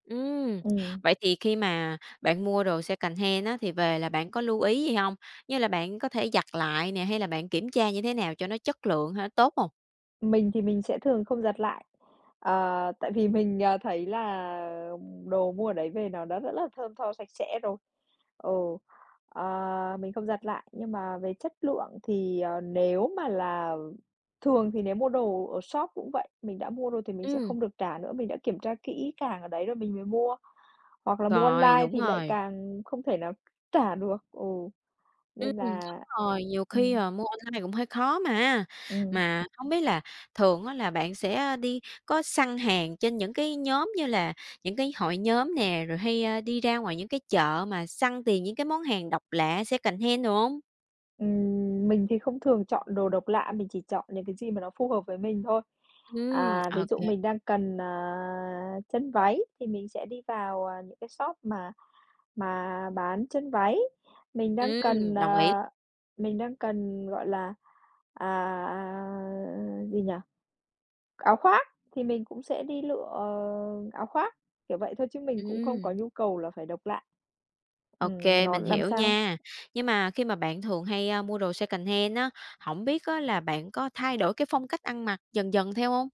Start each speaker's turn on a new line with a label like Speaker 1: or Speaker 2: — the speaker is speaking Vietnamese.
Speaker 1: Ừm,
Speaker 2: Ừm.
Speaker 1: vậy thì khi mà bạn mua đồ secondhand á thì về là bạn có lưu ý gì hông? Như là bạn có thể giặt lại nè, hay là bạn kiểm tra như thế nào cho nó chất lượng hay nó tốt hông?
Speaker 2: Mình thì mình sẽ thường không giặt lại, ờ, tại vì mình, à, thấy là đồ mua ở đấy về nó đã rất là thơm tho sạch sẽ rồi. Ừ, ờ, mình không giặt lại, nhưng mà về chất lượng thì, ờ, nếu mà là, thường thì nếu mua đồ ở shop cũng vậy, mình đã mua rồi thì mình sẽ
Speaker 1: Ừm.
Speaker 2: không được trả nữa, mình đã kiểm tra kỹ càng ở đấy rồi mình mới mua. Hoặc là mua
Speaker 1: Rồi,
Speaker 2: online
Speaker 1: đúng
Speaker 2: thì lại
Speaker 1: rồi!
Speaker 2: càng không thể nào trả được. Ừ,
Speaker 1: Ừm,
Speaker 2: nên
Speaker 1: đúng
Speaker 2: là
Speaker 1: rồi, nhiều khi,
Speaker 2: ừm.
Speaker 1: ờ, mua online cũng hơi khó mà.
Speaker 2: Ừm.
Speaker 1: Mà hông biết là thường á là bạn sẽ, à, đi có săn hàng trên những cái nhóm như là những cái hội nhóm nè, rồi hay, a, đi ra ngoài những cái chợ mà săn tìm những cái món hàng độc lạ, secondhand đồ hông?
Speaker 2: Ừm, mình thì không thường chọn đồ độc lạ, mình chỉ chọn những cái gì mà nó phù hợp với mình thôi.
Speaker 1: Ừm,
Speaker 2: À, ví dụ
Speaker 1: ok.
Speaker 2: mình đang cần, à, chân váy thì mình sẽ đi vào, à, những cái shop mà mà bán chân váy. Mình đang cần,
Speaker 1: Ừm, đồng ý.
Speaker 2: à, mình đang cần, gọi là, à, à, gì nhỉ, áo khoác thì mình cũng sẽ đi lựa, ờ, áo khoác, kiểu, vậy thôi chứ mình cũng không có
Speaker 1: Ừm.
Speaker 2: nhu cầu là phải độc lạ.
Speaker 1: Ok,
Speaker 2: Ừm, mà nó
Speaker 1: mình
Speaker 2: làm
Speaker 1: hiểu
Speaker 2: sao
Speaker 1: nha. Nhưng mà khi mà bạn thường hay, a, mua đồ secondhand á, hổng biết á là bạn có thay đổi cái phong cách ăn mặc dần dần theo hông?